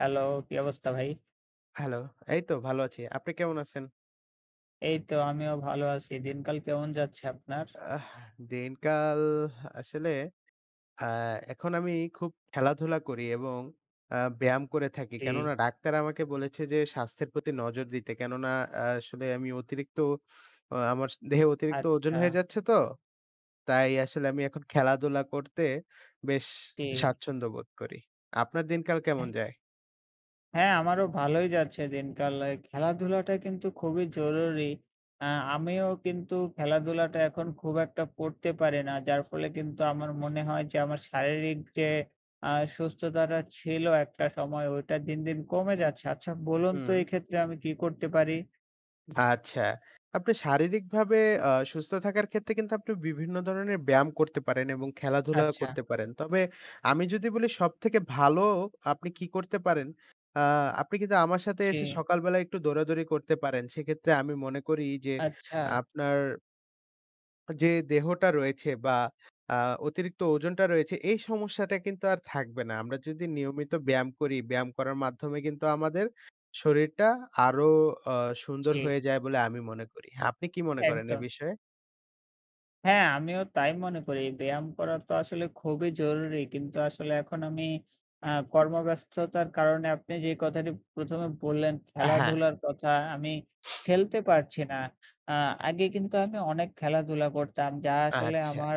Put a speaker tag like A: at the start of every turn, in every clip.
A: Hello কি অবস্থা ভাই?
B: হ্যালো, এই তো ভালো আছি। আপনি কেমন আছেন?
A: এই তো আমিও ভাল আছি। দিনকাল কেমন যাচ্ছে আপনার?
B: আহ দিনকাল আসলে আ এখন আমি খুব খেলাধুলা করি এবং আ ব্যায়াম করে থাকি। কেননা
A: জি।
B: ডাক্তার আমাকে বলেছে যে, স্বাস্থ্যের প্রতি নজর দিতে। কেননা আ আসলে আমি অতিরিক্ত আ আমার দেহে অতিরিক্ত ওজন হয়ে
A: আচ্ছা।
B: যাচ্ছে তো। তাই আসলে আমি এখন খেলাধুলা করতে বেশ
A: জি।
B: স্বাচ্ছন্দ্য বোধ করি। আপনার দিনকাল কেমন
A: হ্যা।
B: যায়?
A: হ্যা, আমারও ভালোই যাচ্ছে দিনকাল। এ্যা খেলাধুলাটা কিন্তু খুবই জরুরি আ আমিও কিন্তু খেলাধুলাটা এখন খুব একটা করতে পারি না। যার ফলে কিন্তু আমার মনে হয় যে, আমার শারীরিক যে আ সুস্থতাটা ছিল একটা সময় ওইটা দিন, দিন, কমে যাচ্ছে। আচ্ছা বলুন তো
B: হুম।
A: এক্ষেত্রে আমি কী করতে পারি?
B: আচ্ছা। আপনি শারীরিকভাবে আ সুস্থ থাকার ক্ষেত্রে কিন্তু আপনি বিভিন্ন ধরনের ব্যায়াম করতে পারেন। এবং খেলাধুলা
A: আচ্ছা।
B: করতে পারেন। তবে আমি যদি বলি সবথেকে ভালো আপনি কি করতে পারেন? আ আপনি কিন্তু আমার সাথে এসে
A: জি।
B: সকালবেলা একটু দৌড়া-দৌড়ি করতে পারেন। সেক্ষেত্রে আমি মনে করি যে
A: আচ্ছা।
B: আপনার যে দেহটা রয়েছে বা আ অতিরিক্ত ওজনটা রয়েছে এই সমস্যাটা কিন্তু আর থাকবে না। আমরা যদি নিয়মিত ব্যায়াম করি। ব্যায়াম করার মাধ্যমে কিন্তু আমাদের শরীরটা আরো আ সুন্দর হয়ে
A: জি।
B: যায় বলে আমি মনে করি। আপনি কি মনে করেন এ
A: একদম।
B: বিষয়ে?
A: হ্যা, আমিও তাই মনে করি। ব্যায়াম করা তো আসলে খুবই জরুরি। কিন্তু আসলে এখন আমি আ কর্মব্যস্ততার কারণে আপনি যে কথাটি প্রথমে বললেন
B: আ হ্যা।
A: খেলাধুলার কথা আমি খেলতে পারছি না। আ আগে কিন্তু আমি অনেক খেলাধুলা করতাম যা আসলে
B: আচ্ছা।
A: আমার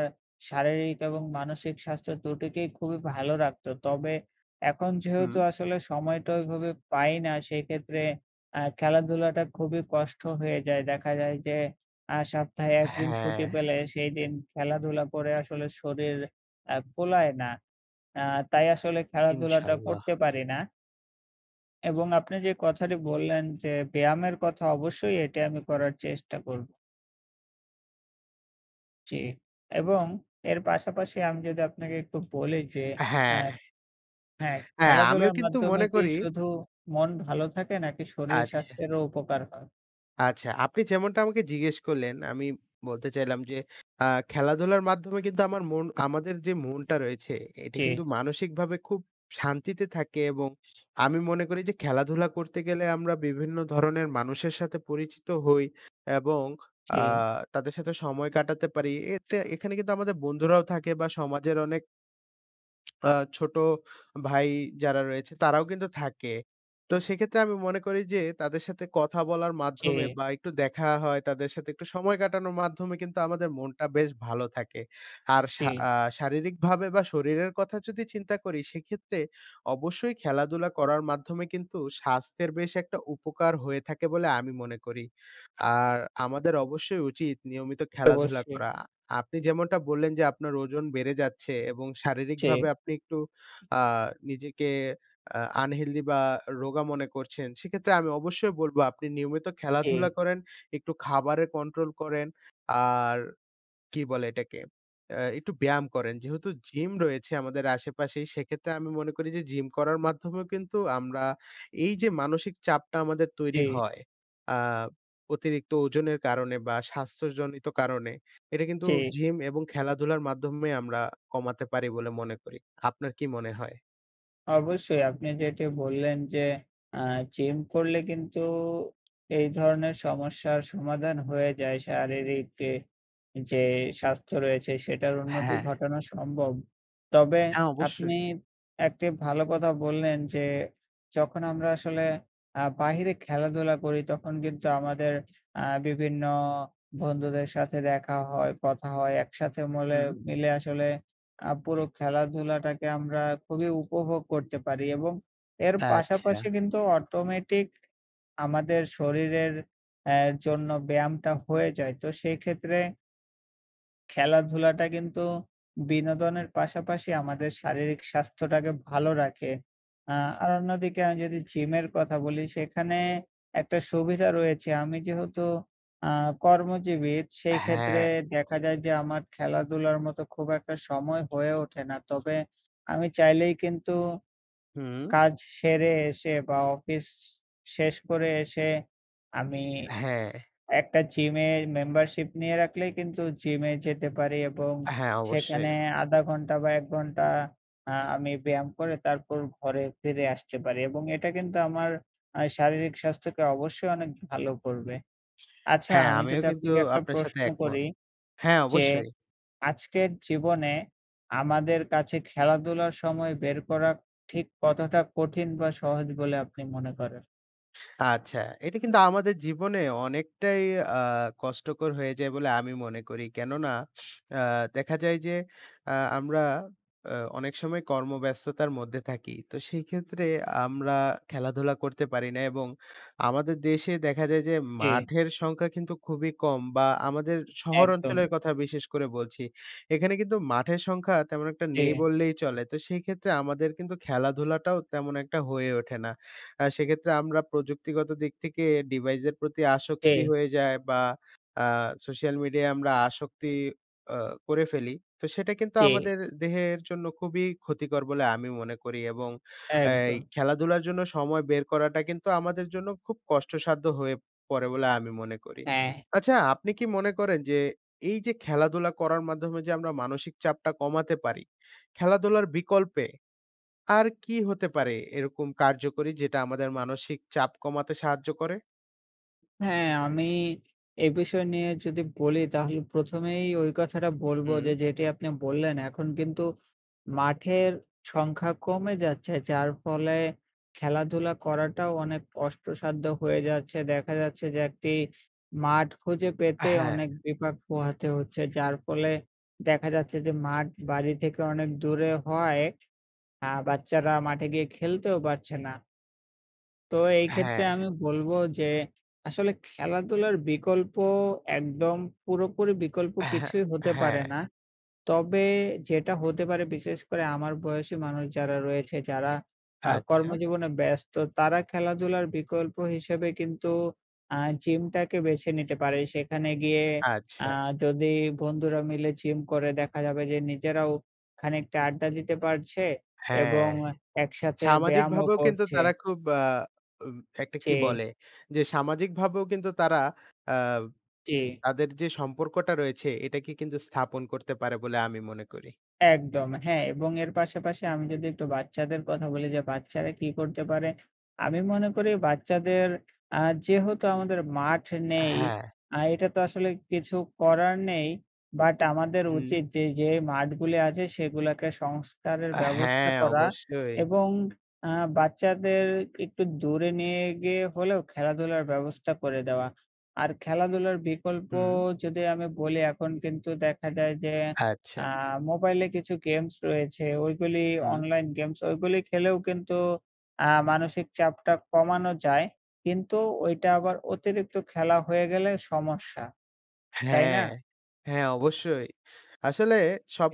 A: শারীরিক এবং মানসিক স্বাস্থ্য দুটিকেই খুবই ভালো রাখতো। তবে এখন
B: হুম।
A: যেহেতু আসলে সময়টা ওইভাবে পাই না সেক্ষেত্রে আ খেলাধুলাটা খুবই কষ্ট হয়ে যায়। দেখা যায় যে আ সপ্তাহে ১ দিন
B: হ্যা।
A: ছুটি পেলে সেইদিন খেলাধুলা করে আসলে শরীর আ কুলায় না। আ তাই আসলে খেলাধুলাটা
B: ইনশাল্লাহ
A: করতে পারি না। এবং আপনি যে কথাটি বললেন যে ব্যায়ামের কথা অবশ্যই এটি আমি করার চেষ্টা কর জি, এবং এর পাশাপাশি আমি যদি আপনাকে একটু বলি যে
B: হ্যা,
A: অ্যা হ্যা,
B: এ্যা আমিও
A: খেলাধুলার
B: কিন্তু
A: মাধ্যমে
B: মনে
A: কি
B: করি।
A: শুধু মন ভালো থাকে নাকি শরীর
B: আচ্ছা।
A: স্বাস্থ্যেরও উপকার হয়?
B: আচ্ছা। আপনি যেমনটা আমাকে জিজ্ঞেস করলেন আমি বলতে চাইলাম যে, আ খেলাধুলার মাধ্যমে কিন্তু আমার মন আমাদের যে মনটা রয়েছে এটা কিন্তু
A: জি।
B: মানসিকভাবে খুব শান্তিতে থাকে। এবং আমি মনে করি যে, খেলাধুলা করতে গেলে আমরা বিভিন্ন ধরনের মানুষের সাথে পরিচিত হই। এবং আ
A: জি।
B: তাদের সাথে সময় কাটাতে পারি এতে এখানে কিন্তু আমাদের বন্ধুরাও থাকে বা সমাজের অনেক আ ছোটো ভাই যারা রয়েছে তারাও কিন্তু থাকে। তো সেক্ষেত্রে আমি মনে করি যে, তাদের সাথে কথা বলার মাধ্যমে
A: জি।
B: বা একটু দেখা হয়, তাদের সাথে একটু সময় কাটানো মাধ্যমে কিন্তু আমাদের মনটা বেশ ভালো থাকে। আর শা
A: জি।
B: আ শারীরিকভাবে বা শরীরের কথা যদি চিন্তা করি। সেক্ষেত্রে অবশ্যই খেলাধুলা করার মাধ্যমে কিন্তু স্বাস্থ্যের বেশ একটা উপকার হয়ে থাকে বলে আমি মনে করি। আর আমাদের অবশ্যই উচিত নিয়মিত খেলাধুলা
A: অবশ্যই।
B: করা। আপনি যেমনটা বললেন যে, আপনার ওজন বেড়ে যাচ্ছে এবং শারীরিকভাবে
A: জি।
B: আপনি একটু আ নিজেকে আ আনহেলদি বা রোগা মনে করছেন। সেক্ষেত্রে আমি অবশ্যই বলবো আপনি নিয়মিত খেলাধুলা
A: জি।
B: করেন, একটু খাবারে কন্ট্রোল করেন। আর কি বলে এটাকে? এ্যা একটু ব্যায়াম করেন। যেহেতু জিম রয়েছে আমাদের আশেপাশেই সেক্ষেত্রে আমি মনে করি যে জিম করার মাধ্যমেও কিন্তু আমরা এই যে মানসিক চাপটা আমাদের তৈরি
A: জি।
B: হয়। আ অতিরিক্ত ওজনের কারণে বা স্বাস্থ্যজনিত কারণে এটা কিন্তু
A: জি।
B: জিম এবং খেলাধুলার মাধ্যমে আমরা কমাতে পারি বলে মনে করি। আপনার কি মনে হয়?
A: অবশ্যই আপনি যেটি বললেন যে আ জিম করলে কিন্তু এই ধরনের সমস্যার সমাধান হয়ে যায় শারীরিকে যে স্বাস্থ্য রয়েছে সেটার উন্নতি
B: হ্যা।
A: ঘটানো সম্ভব। তবে
B: হ্যা, অবশ্যই।
A: আপনি একটি ভালো কথা বললেন যে, যখন আমরা আসলে আ বাহিরে খেলাধুলা করি তখন কিন্তু আমাদের আ বিভিন্ন বন্ধুদের সাথে দেখা হয় কথা হয় একসাথে মলে
B: হু।
A: মিলে আসলে আ পুরো খেলাধুলাটাকে আমরা খুবই উপভোগ করতে পারি। এবং এর
B: আচ্ছা।
A: পাশাপাশি কিন্তু অটোমেটিক আমাদের শরীরের আ জন্য ব্যায়ামটা হয়ে যায়। তো সেক্ষেত্রে খেলাধুলাটা কিন্তু বিনোদনের পাশাপাশি আমাদের শারীরিক স্বাস্থ্যটাকে ভালো রাখে। আ আর অন্যদিকে আমি যদি জিমের কথা বলি সেখানে একটা সুবিধা রয়েছে। আমি যেহেতু আ কর্মজীবী সেই ক্ষেত্রে
B: হ্যা।
A: দেখা যায় যে, আমার খেলাধুলার মতো খুব একটা সময় হয়ে ওঠে না। তবে আমি চাইলেই কিন্তু
B: হুম।
A: কাজ সেরে এসে বা অফিস শেষ করে এসে, আমি
B: হ্যা।
A: একটা জিম এর মেম্বারশিপ নিয়ে রাখলেই কিন্তু জিম এ যেতে পারি এবং
B: হ্যা,
A: সেখানে
B: অবশ্যই।
A: ০.৫ ঘন্টা বা ১ ঘন্টা আ আমি ব্যায়াম করে তারপর ঘরে ফিরে আসতে পারি। এবং এটা কিন্তু আমার আ শারীরিক স্বাস্থ্যকে অবশ্যই অনেক ভালো করবে। আচ্ছা।
B: হ্যা,
A: আমি
B: আমিও
A: যদি
B: কিন্তু
A: আপনাকে একটা
B: আপনার সাথে
A: প্রশ্ন
B: একমত।
A: করি,
B: হ্যা,
A: যে
B: অবশ্যই।
A: আজকের জীবনে আমাদের কাছে খেলাধুলার সময় বের করা ঠিক কতটা কঠিন বা সহজ বলে আপনি মনে করেন?
B: আচ্ছা। এটা কিন্তু আমাদের জীবনে অনেকটাই আ কষ্টকর হয়ে যায় বলে আমি মনে করি। কেননা আ দেখা যায় যে এ্যা আমরা অ অনেক সময় কর্মব্যস্ততার মধ্যে থাকি তো সেক্ষেত্রে আমরা খেলাধুলা করতে পারি না এবং আমাদের দেশে দেখা যায় যে,
A: জি।
B: মাঠের সংখ্যা কিন্তু খুবই কম বা আমাদের শহর অঞ্চলের
A: একদম।
B: কথা বিশেষ করে বলছি। এখানে কিন্তু মাঠের সংখ্যা তেমন একটা নেই
A: জি।
B: বললেই চলে। তো সেক্ষেত্রে আমাদের কিন্তু খেলাধুলাটাও তেমন একটা হয়ে ওঠে না। আ সেক্ষেত্রে আমরা প্রযুক্তিগত দিক থেকে ডিভাইসের প্রতি আসক্তি
A: জি।
B: হয়ে যায় বা আ সোশ্যাল মিডিয়ায় আমরা আসক্তি করে অ ফেলি তো সেটা কিন্তু
A: জি।
B: আমাদের দেহের জন্য খুবই ক্ষতিকর বলে আমি মনে করি। এবং এই
A: একদম।
B: খেলাধুলার জন্য সময় বের করাটা কিন্তু আমাদের জন্য খুব কষ্টসাধ্য হয়ে পড়ে বলে আমি মনে করি।
A: হ্যা।
B: আচ্ছা আপনি কি মনে করেন যে এই যে, খেলাধুলা করার মাধ্যমে যে আমরা মানসিক চাপটা কমাতে পারি। খেলাধুলার বিকল্পে আর কী হতে পারে এরকম কার্যকরী যেটা আমাদের মানসিক চাপ কমাতে সাহায্য করে?
A: হ্যা, আমি এ বিষয় নিয়ে যদি বলি তাহলে প্রথমেই ওই কথাটা বলব যে,
B: হুম।
A: যেটি আপনি বললেন এখন কিন্তু মাঠের সংখ্যা কমে যাচ্ছে। যার ফলে খেলাধুলা করাটাও অনেক কষ্টসাধ্য হয়ে যাচ্ছে দেখা যাচ্ছে যে, ১ টি মাঠ খুঁজে পেতে
B: হ্যা।
A: অনেক বিপাক পোহাতে হচ্ছে। যার ফলে দেখা যাচ্ছে যে, মাঠ বাড়ি থেকে অনেক দূরে হওয়ায় আ বাচ্চারা মাঠে গিয়ে খেলতেও পারছে না। তো এই
B: হ্যা।
A: ক্ষেত্রে আমি বলব যে, আসলে খেলাধুলার বিকল্প একদম পুরোপুরি বিকল্প
B: হ্যা,
A: কিছুই হতে
B: হ্যা।
A: পারে না। তবে যেটা হতে পারে, বিশেষ করে আমার বয়সী মানুষ যারা রয়েছে যারা আ
B: আচ্ছা।
A: কর্মজীবনে ব্যস্ত তারা খেলাধুলার বিকল্প হিসেবে কিন্তু আ জিমটাকে বেছে নিতে পারে সেখানে গিয়ে আ
B: আচ্ছা।
A: যদি বন্ধুরা মিলে জিম করে দেখা যাবে যে, নিজেরাও খানিকটা আড্ডা দিতে পারছে
B: হ্যা,
A: এবং অ একসাথে ব্যায়ামও
B: সামাজিকভাবেও কিন্তু
A: করছে।
B: তারা খুব আ উব একটা কি
A: জি।
B: বলে। যে সামাজিকভাবেও কিন্তু তারা আ
A: জি।
B: তাদের যে সম্পর্কটা রয়েছে এটাকে কিন্তু স্থাপন করতে পারে বলে আমি মনে করি।
A: একদম হ্যা এবং এর পাশাপাশি আমি যদি একটু বাচ্চাদের কথা বলি যে বাচ্চারা কী করতে পারে? আমি মনে করি বাচ্চাদের আ যেহেতু আমাদের মাঠ নেই।
B: হ্যা।
A: আ এটা তো আসলে কিছু করার নেই বাট আমাদের
B: হুম
A: উচিত যে, যে, মাঠগুলি আছে সেগুলোকে সংস্কারের
B: হ্যা,
A: ব্যবস্থা করা
B: অবশ্যই।
A: এবং আ বাচ্চাদের একটু দূরে নিয়ে গিয়ে হলেও খেলাধুলার ব্যবস্থা করে দেওয়া। আর খেলাধুলার বিকল্প
B: হু।
A: যদি আমি বলি এখন কিন্তু দেখা যায় যে,
B: আচ্ছা।
A: আ মোবাইলে কিছু গেমস রয়েছে। ওইগুলি
B: হুম।
A: অনলাইন গেমস ওইগুলি খেলেও কিন্তু আ মানসিক চাপটা কমানো যায়। কিন্তু ওইটা আবার অতিরিক্ত খেলা হয়ে গেলে সমস্যা
B: হ্যা,
A: তাই না?
B: হ্যা, অবশ্যই আসলে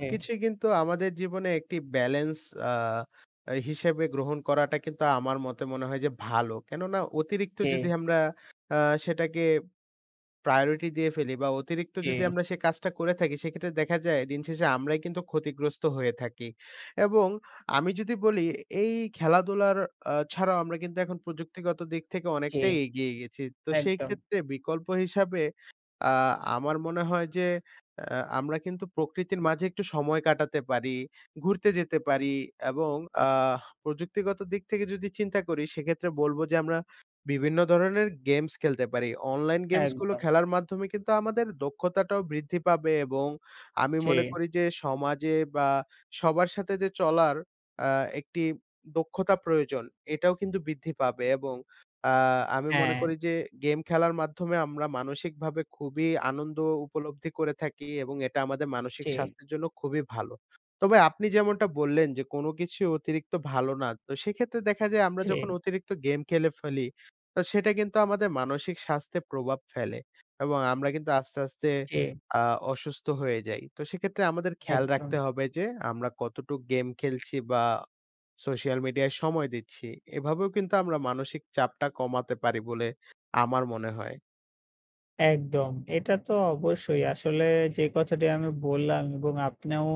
A: জি।
B: কিন্তু আমাদের জীবনে একটি ব্যালেন্স আ হিসেবে গ্রহণ করাটা কিন্তু আমার মতে মনে হয় যে ভালো। কেননা অতিরিক্ত যদি
A: জি।
B: আমরা আ সেটাকে প্রায়োরিটি দিয়ে ফেলি বা অতিরিক্ত যদি
A: জি।
B: আমরা সে কাজটা করে থাকি। সেক্ষেত্রে দেখা যায় দিনশেষে আমরাই কিন্তু ক্ষতিগ্রস্ত হয়ে থাকি। এবং আমি যদি বলি এই খেলাধুলার আ ছাড়াও আমরা কিন্তু এখন প্রযুক্তিগত দিক থেকে
A: জি,
B: অনেকটাই এগিয়ে গেছি। তো সেই
A: একদম।
B: ক্ষেত্রে বিকল্প হিসাবে আ আমার মনে হয় যে, আ আমরা কিন্তু প্রকৃতির মাঝে একটু সময় কাটাতে পারি ঘুরতে যেতে পারি। এবং আ প্রযুক্তিগত দিক থেকে যদি চিন্তা করি। সেক্ষেত্রে বলব যে আমরা বিভিন্ন ধরনের গেমস খেলতে পারি অনলাইন গেমসগুলো
A: একদম।
B: খেলার মাধ্যমে কিন্তু আমাদের দক্ষতাটাও বৃদ্ধি পাবে। এবং আমি মনে
A: জি।
B: করি যে সমাজে বা সবার সাথে যে চলার আ একটি দক্ষতা প্রয়োজন এটাও কিন্তু বৃদ্ধি পাবে এবং আ আমি মনে করি
A: হ্যা।
B: যে গেম খেলার মাধ্যমে আমরা মানসিকভাবে খুবই আনন্দ উপলব্ধি করে থাকি। এবং এটা আমাদের মানসিক
A: জি।
B: স্বাস্থ্যের জন্য খুবই ভালো। তবে আপনি যেমনটা বললেন যে, কোনো কিছু অতিরিক্ত ভালো। না তো সেক্ষেত্রে দেখা যায় আমরা যখন
A: জি।
B: অতিরিক্ত গেম খেলে ফেলি তো সেটা কিন্তু আমাদের মানসিক স্বাস্থ্যের প্রভাব ফেলে এবং আমরা কিন্তু আস্তে, আস্তে,
A: জি।
B: আ অসুস্থ হয়ে যাই তো সেক্ষেত্রে আমাদের খেয়াল রাখতে
A: একদম।
B: হবে যে, আমরা কতটুক গেম খেলছি বা সোশ্যাল মিডিয়ায় সময় দিচ্ছি। এভাবেও কিন্তু আমরা মানসিক চাপটা কমাতে পারি বলে আমার মনে হয়।
A: একদম। এটা তো অবশ্যই আসলে যে কথাটি আমি বললাম এবং আপনিও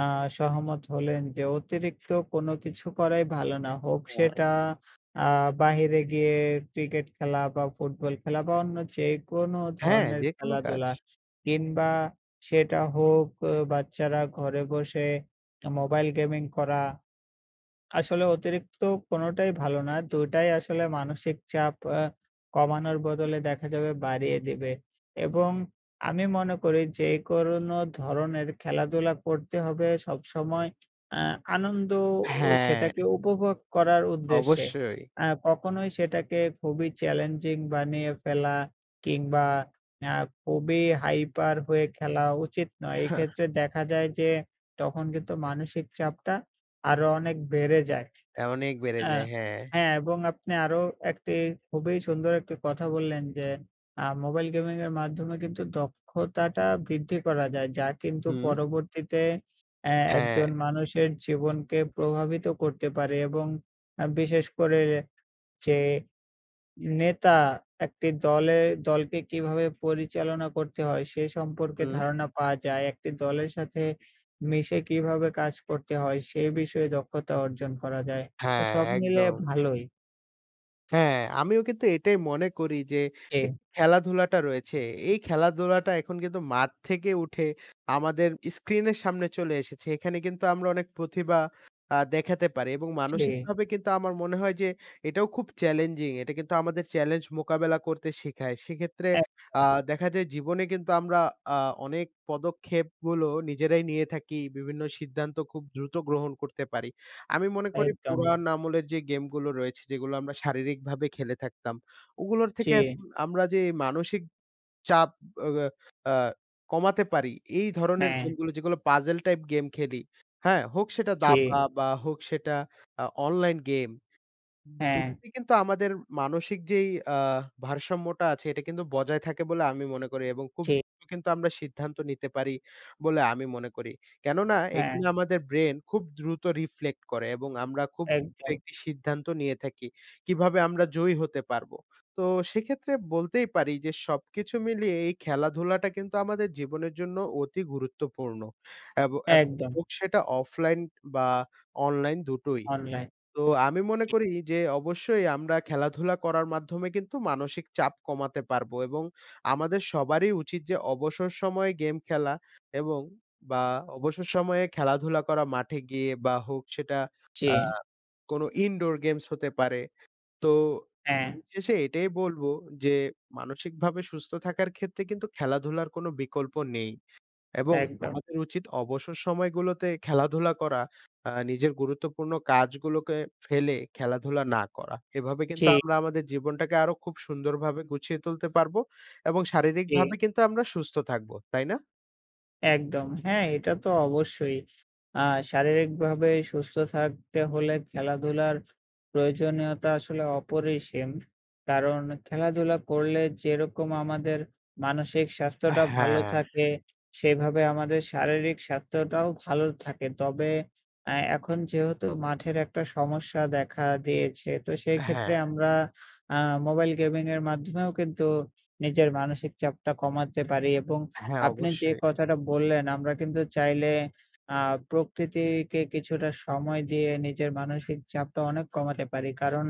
A: আ সহমত হলেন যে অতিরিক্ত কোনো কিছু করাই ভালো না। হোক
B: [unintelligible]
A: সেটা আ বাহিরে গিয়ে ক্রিকেট খেলা বা ফুটবল খেলা বা অন্য যেকোনো
B: হ্যা,
A: ধরনের
B: যে কোন কাজ।
A: খেলাধুলা কিংবা সেটা হোক অ বাচ্চারা ঘরে বসে 'মোবাইল গেমিং' করা আসলে অতিরিক্ত কোনটাই ভালো না। ২ টাই আসলে মানসিক চাপ আ কমানোর বদলে দেখা যাবে বাড়িয়ে দিবে। এবং আমি মনে করি যে কোন ধরনের খেলাধুলা করতে হবে। সবসময় এ্যা আনন্দ ও সেটাকে
B: হ্যা।
A: উপভোগ করার উদ্দেশ্যে।
B: অবশ্যই।
A: আ কখনোই সেটাকে খুবই চ্যালেঞ্জিং বানিয়ে ফেলা কিংবা আ খুবই হাইপার হয়ে খেলা উচিত নয়।
B: এহা
A: এক্ষেত্রে দেখা যায় যে, তখন কিন্তু মানসিক চাপটা আরও অনেক বেড়ে যায়
B: অনেক বেড়ে
A: আ
B: যায়, হ্যা।
A: হ্যা, এবং আপনি আরও একটি খুবই সুন্দর একটি কথা বললেন যে আ মোবাইল গেমিংয়ের মাধ্যমে কিন্তু দক্ষতাটা বৃদ্ধি করা যায়। যা কিন্তু
B: হু।
A: পরবর্তীতে এ্যা
B: হ্যা।
A: একজন মানুষের জীবনকে প্রভাবিত করতে পারে এবং আ বিশেষ করে যে নেতা একটি দলে দলকে কিভাবে পরিচালনা করতে হয়? সে সম্পর্কে
B: হুম।
A: ধারণা পাওয়া যায়। একটি দলের সাথে মিশে কিভাবে কাজ করতে হয় সে বিষয়ে দক্ষতা অর্জন করা যায়।
B: হ্যা,
A: তো সব মিলে
B: একদম।
A: ভালোই।
B: হ্যা, আমিও কিন্তু এটাই মনে করি যে, এ
A: জি।
B: খেলাধুলাটা রয়েছে। এই খেলা ধুলাটা এখন কিন্তু মাঠ থেকে উঠে আমাদের স্ক্রিনের সামনে চলে এসেছে। এখানে কিন্তু আমরা অনেক প্রতিভা আ দেখাতে পারি এবং
A: জি।
B: মানসিকভাবে কিন্তু আমার মনে হয় যে এটাও খুব চ্যালেঞ্জিং। এটা কিন্তু আমাদের চ্যালেঞ্জ মোকাবেলা করতে শেখায়। সেক্ষেত্রে আ
A: এক
B: দেখা যায় জীবনে কিন্তু আমরা অনেক পদক্ষেপগুলো নিজেরাই নিয়ে থাকি বিভিন্ন সিদ্ধান্ত খুব দ্রুত গ্রহণ করতে পারি। আমি মনে করি
A: একদম।
B: পুরাণ আমলের যে গেমগুলো রয়েছে যেগুলো আমরা শারীরিকভাবে খেলে থাকতাম। ওগুলোর থেকে
A: জি।
B: এখন আমরা যে মানসিক চাপ ওবা আ কমাতে পারি এই ধরনের
A: হ্যা।
B: গেমগুলো যেগুলো পাজেল টাইপ গেম খেলি হ্যা? হোক সেটা দাবা
A: জি।
B: বা হোক সেটা আ অনলাইন গেম দু
A: হ্যা।
B: [unintelligible] কিন্তু আমাদের মানসিক যেই আ ভারসাম্যটা আছে এটা কিন্তু বজায় থাকে বলে আমি মনে করি এবং খুব
A: জি।
B: [unintelligible] কিন্তু আমরা সিদ্ধান্ত নিতে পারি বলে আমি মনে করি। কেননা
A: হ্যা।
B: এখানে আমাদের ব্রেন খুব দ্রুত reflect করে এবং আমরা খুব
A: একদম।
B: [unintelligible] সিদ্ধান্ত নিয়ে থাকি। কীভাবে আমরা জয়ী হতে পারবো? তো সেক্ষেত্রে বলতেই পারি যে সবকিছু মিলিয়ে এই খেলাধুলাটা কিন্তু আমাদের জীবনের জন্য অতি গুরুত্বপূর্ণ। এব এক
A: একদম।
B: হোক সেটা অফলাইন বা অনলাইন দুটোই।
A: online
B: তো আমি মনে
A: জি।
B: করি যে, অবশ্যই আমরা খেলাধুলা করার মাধ্যমে কিন্তু মানসিক চাপ কমাতে পারবো এবং আমাদের সবারই উচিত যে অবসর সময়ে গেম খেলা এবং বা অবসর সময়ে খেলাধুলা করা মাঠে গিয়ে। বা হোক সেটা আ
A: জি।
B: কোনো indoor games হতে পারে। তো
A: হ্যা।
B: [unintelligible] শেষে এটাই বলবো যে, মানসিকভাবে সুস্থ থাকার ক্ষেত্রে কিন্তু খেলাধুলার কোনো বিকল্প নেই। এবং
A: একদম।
B: আমাদের উচিত অবসর সময়গুলোতে খেলাধুলা করা। আ নিজের গুরুত্বপূর্ণ কাজগুলোকে ফেলে খেলাধুলা না করা। এভাবে কিন্তু
A: জি।
B: আমরা আমাদের জীবনটাকে আরও খুব সুন্দরভাবে গুছিয়ে তুলতে পারবো এবং শারীরিকভাবে
A: জি।
B: কিন্তু আমরা সুস্থ থাকবো তাই না?
A: একদম। হ্যা এটা তো অবশ্যই আ শারীরিকভাবে সুস্থ থাকতে হলে খেলাধুলার প্রয়োজনীয়তা আসলে অপরিসীম। কারণ খেলাধুলা করলে যেরকম আমাদের মানসিক স্বাস্থ্যটা ভালো
B: হ্যা।
A: থাকে, সেভাবে আমাদের শারীরিক স্বাস্থ্যটাও ভালো থাকে। তবে আ এখন যেহেতু মাঠের একটা সমস্যা দেখা দিয়েছে। তো
B: হ্যা।
A: সেক্ষেত্রে আমরা আ মোবাইল গেমিংয়ের মাধ্যমেও কিন্তু নিজের মানসিক চাপটা কমাতে পারি এবং
B: হ্যা,
A: আপনি যে
B: অবশ্যই।
A: কথাটা বললেন আমরা কিন্তু চাইলে আ প্রকৃতিকে কিছুটা সময় দিয়ে নিজের মানসিক চাপটা অনেক কমাতে পারি। কারণ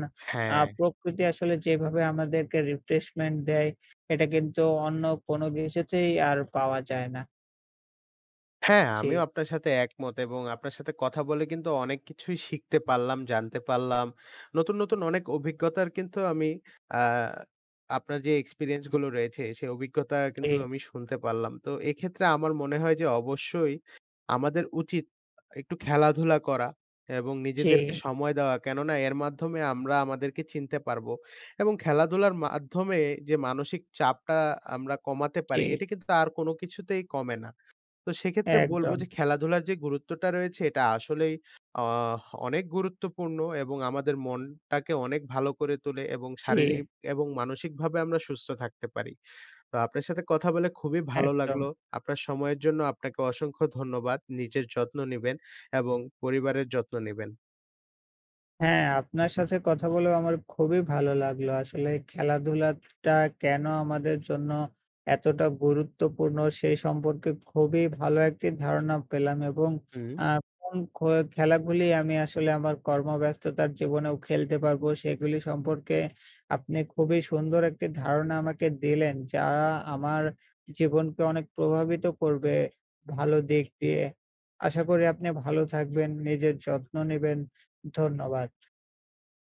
A: আ
B: হ্যা।
A: প্রকৃতি আসলে যেভাবে আমাদেরকে রিফ্রেশমেন্ট দেয় এটা কিন্তু অন্য কোনো কিছুতেই আর পাওয়া যায় না।
B: হ্যা, আমিও
A: জি।
B: আপনার সাথে একমত। এবং আপনার সাথে কথা বলে কিন্তু অনেক কিছুই শিখতে পারলাম, জানতে পারলাম। নতুন, নতুন, অনেক অভিজ্ঞতার কিন্তু আমি আ আপনার যে experiences গুলো রয়েছে। সেই অভিজ্ঞতা কিন্তু
A: জি।
B: আমি শুনতে পারলাম। তো এক্ষেত্রে আমার মনে হয় যে অবশ্যই আমাদের উচিত একটু খেলাধুলা করা এবং নিজেদেরকে
A: জি।
B: সময় দেওয়া কেননা এর মাধ্যমে আমরা আমাদেরকে চিনতে পারবো। এবং খেলাধুলার মাধ্যমে যে মানসিক চাপটা আমরা কমাতে পারি
A: ঠিক।
B: এটি কিন্তু আর কোনো কিছুতেই কমে না। তো সেক্ষেত্রে বলব যে
A: একদম।
B: খেলাধুলার যে গুরুত্বটা রয়েছে এটা আসলেই আ অনেক গুরুত্বপূর্ণ এবং আমাদের মনটাকে অনেক ভালো করে তোলে এবং শারীরিক
A: জি।
B: এবং মানসিক ভাবে আমরা সুস্থ থাকতে পারি। তো আপনার সাথে কথা বলে খুবই ভালো লাগলো।
A: একদম।
B: আপনার সময়ের জন্য আপনাকে অসংখ্য ধন্যবাদ। নিজের যত্ন নিবেন এবং পরিবারের যত্ন নিবেন।
A: হ্যা, আপনার সাথে কথা বলেও আমার খুবই ভালো লাগলো। আসলে খেলাধুলা টা কেন আমাদের জন্য এতটা গুরুত্বপূর্ণ? সেই সম্পর্কে খুবই ভালো একটি ধারণা পেলাম এবং
B: হুম।
A: আ কোন খো খেলা গুলি আমি আসলে আমার কর্মব্যস্ততার জীবনেও খেলতে পারব। সেগুলি সম্পর্কে আপনি খুবই সুন্দর একটি ধারণা আমাকে দিলেন। যা আমার জীবনকে অনেক প্রভাবিত করবে। ভালো দিক দিয়ে আশা করি আপনি ভালো থাকবেন নিজের যত্ন নিবেন ধন্যবাদ।